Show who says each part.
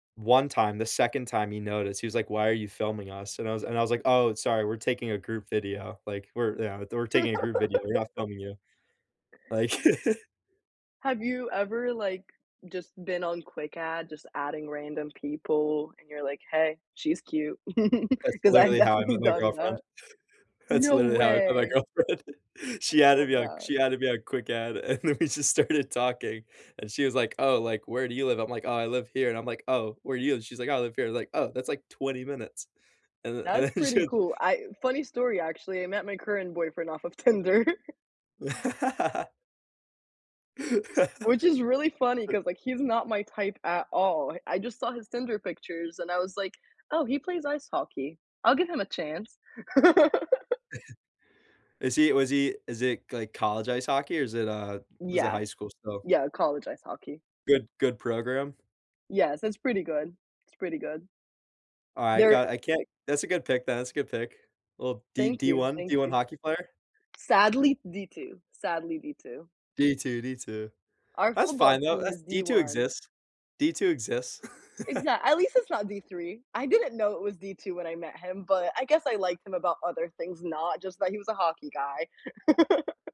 Speaker 1: One time, the second time he noticed, he was like, "Why are you filming us?" and I was and I was like, "Oh, sorry, we're taking a group video," like, "We're" yeah, "We're taking a group video. We're not filming you." Like
Speaker 2: Have you ever, like, just been on Quick Add, just adding random people, and you're like, "Hey, she's cute,"
Speaker 1: That's
Speaker 2: 'cause I've
Speaker 1: literally how I
Speaker 2: definitely
Speaker 1: met my
Speaker 2: done
Speaker 1: girlfriend.
Speaker 2: that.
Speaker 1: That's
Speaker 2: No
Speaker 1: literally how I met my
Speaker 2: way!
Speaker 1: girlfriend.
Speaker 2: I
Speaker 1: She added
Speaker 2: love
Speaker 1: me on
Speaker 2: that.
Speaker 1: she added me on Quick Add, and then we just started talking, and she was, like, "Oh, like, where do you live?" I'm, like, "Oh, I live here," and I'm, like, "Oh, where do you live?" and she's, like, "Oh, I live here." I was, like, "Oh, that's, like, 20 minutes," and the and
Speaker 2: That's
Speaker 1: then
Speaker 2: pretty
Speaker 1: she
Speaker 2: cool. I funny story, actually, I met my current boyfriend off of Tinder which is really funny 'cause, like, he's not my type at all. I just saw his Tinder pictures, and I was, like, "Oh, he plays ice hockey. I'll give him a chance."
Speaker 1: Is he was he is it, like, college ice hockey, or is it uh, u was it
Speaker 2: Yeah.
Speaker 1: high school still?
Speaker 2: Yeah, college ice hockey.
Speaker 1: Good good program?
Speaker 2: Yes, so, it's pretty good. It's pretty good.
Speaker 1: Alright,
Speaker 2: There
Speaker 1: got I can't that's a good pick then, that's a good pick. Well, D
Speaker 2: Thank
Speaker 1: D
Speaker 2: you,
Speaker 1: one
Speaker 2: thank
Speaker 1: D1
Speaker 2: you.
Speaker 1: hockey player?
Speaker 2: Sadly, D2. Sadly, D2.
Speaker 1: D2, D2.
Speaker 2: Our
Speaker 1: That's
Speaker 2: football
Speaker 1: fine, though,
Speaker 2: team
Speaker 1: that's
Speaker 2: is D
Speaker 1: D2
Speaker 2: one.
Speaker 1: exists. D2 exists.
Speaker 2: Exac at least it's not D3. I didn't know it was D2 when I met him, but I guess I liked him about other things, not just that he was a hockey guy.